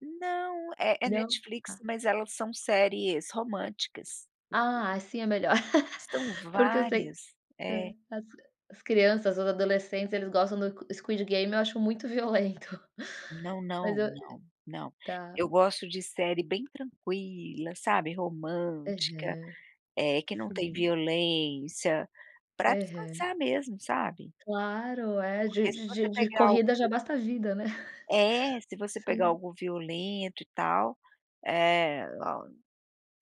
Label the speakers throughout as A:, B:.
A: Não, é é
B: Não?
A: Netflix
B: Tá.
A: mas elas são séries românticas.
B: Ah, assim é melhor.
A: São
B: Porque eu sei,
A: várias,
B: hã,
A: é.
B: as crianças, os adolescentes eles gostam do Squid Game eu acho muito violento.
A: Não,
B: Mas
A: não,
B: eu
A: não, não.
B: tá.
A: Eu gosto de série bem tranquila, sabe? Romântica,
B: Aham.
A: eh, que não tem
B: Uhum.
A: violência, pra
B: Aham.
A: descansar mesmo, sabe?
B: Claro é, de
A: Porque se
B: de
A: você
B: de
A: pegar algo
B: corrida já basta vida, né?
A: É, se você pegar
B: Sim.
A: algo violento e tal, eh,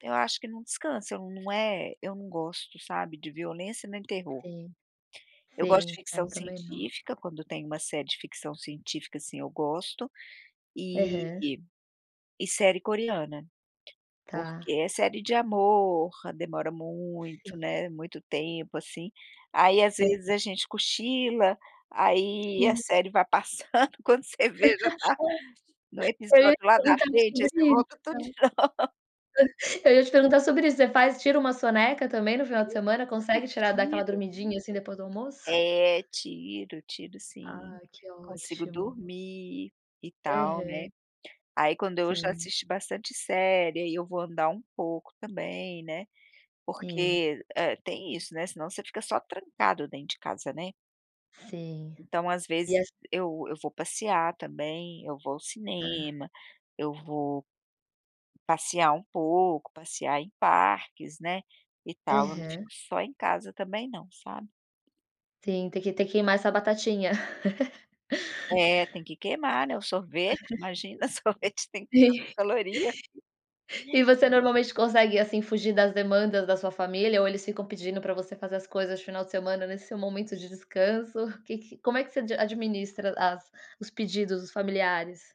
A: eu acho que não descansa, não é eu não gosto, sabe, de violência nem terror.
B: Sim,
A: Eu gosto de
B: sim é
A: ficção
B: muito melhor.
A: científica, quando tem uma série de ficção científica, assim, eu gosto, e
B: Aham.
A: e série coreana, porque
B: Tá.
A: é série de amor, demora muito, né, muito tempo assim, aí às
B: É.
A: vezes a gente cochila, aí a
B: Hum.
A: série vai passando quando você vê já tá
B: [unintelligible]
A: no
B: te
A: episódio lá da
B: perguntar
A: frente, aí você volta tudo de
B: [unintelligible]
A: novo.
B: Eu ia te perguntar sobre isso, você faz tira uma soneca também no final de semana, consegue tirar dar
A: Sim,
B: aquela
A: eu tiro.
B: dormidinha, assim, depois do almoço?
A: É, tiro, tiro sim,
B: Ah que
A: consigo
B: ótimo.
A: dormir e tal, né,
B: Aham.
A: aí quando eu já
B: Sim.
A: assisti bastante série, ai eu vou andar um pouco também, né,
B: E.
A: porque tem isso, né, senão você fica só trancado dentro de casa, né?
B: Sim.
A: Então às
B: E
A: vezes
B: essa
A: eu eu vou passear também, eu vou ao
B: É.
A: cinema, eu vou passear um pouco, passear em parques, né, e tal, não fico
B: Aham.
A: só em casa também não, sabe?
B: Sim, tem que tem que queimar essa batatinha.
A: É, tem que queimar, né, o sorvete, imagina sorvete tem
B: Sim
A: tanta caloria.
B: e você normalmente consegue, assim, fugir das demandas da sua família, ou eles ficam pedindo para você fazer as coisas final de semana nesse momento de descanso, que que como é que você administra as os pedidos dos familiares?